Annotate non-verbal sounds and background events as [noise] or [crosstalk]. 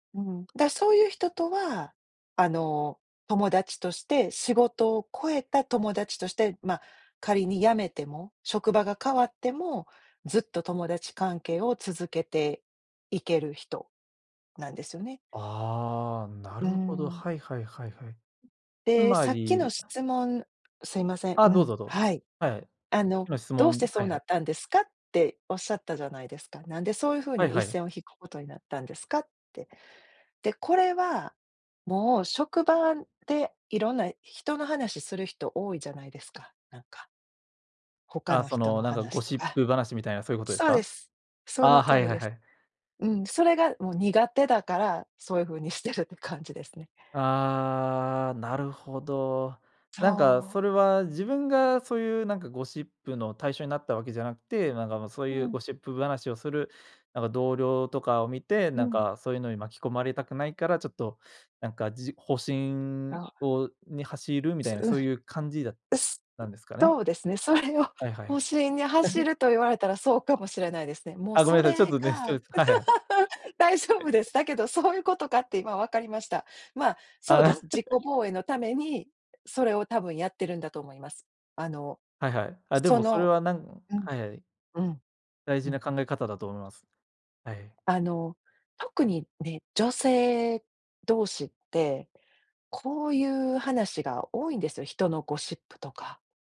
うん、だ、そういう人とは、あの、友達として、仕事を超えた友達として、まあ仮に辞めても、職場が変わっても、ずっと友達関係を続けていける人なんですよね。ああ、なうーるほど。ん。はいはいはいはい。つで、まさっきのり、あ。質問すいません、あ、うどうん、ぞ、どうぞ。はい。はいはい。あの今質「どうして問、そはういなはい。ったんですか？」っておっしゃったじゃないですか。「なんでそういうふうはいには一い。線を引くことになったんですか？」って。で、これは、もう職場でいろんな人の話する人多いじゃないですか、なんか。他あ、のそ人ののなんか話ゴとシッか。プ話みたいなそういうことですそうでか？す。そあのあ、通はいりはいではす。い。うん、それがもう苦手だから、そうゆうふうにしてるって感じですね。ああ、なるほど。なんかそう。それは自分がそういうなんかゴシップの対象になったわけじゃなくて、なんか、ま、そうういうゴん。シップ話をするなんか同僚とかを見て、うなんん。かそういうのに巻き込まれたくないから、ちょっとなんか、じ保身あ。を、に走るみたそ、いなうん、そういう感じだっうすたんですかね？そうですね、それをはいはい保は身に走い。ると言われたらそうかもしれないですね。もうあ、ごそめんなさい、ちょっれとねが、[unintelligible] はいはい。大丈夫で [chuckles] す。だけどそういうことかって今わかりました。まあ、そうであす、あ。自己防衛のために、それをたぶんやってるんだと思います。あの、はいはい。あ、でそもそれの、はなんうん、はいはい。うん、大う事なん。考え方だと思います。はいはい。あの特にね、女性同士って、こういう話が多いんですよ、人のゴシップとか。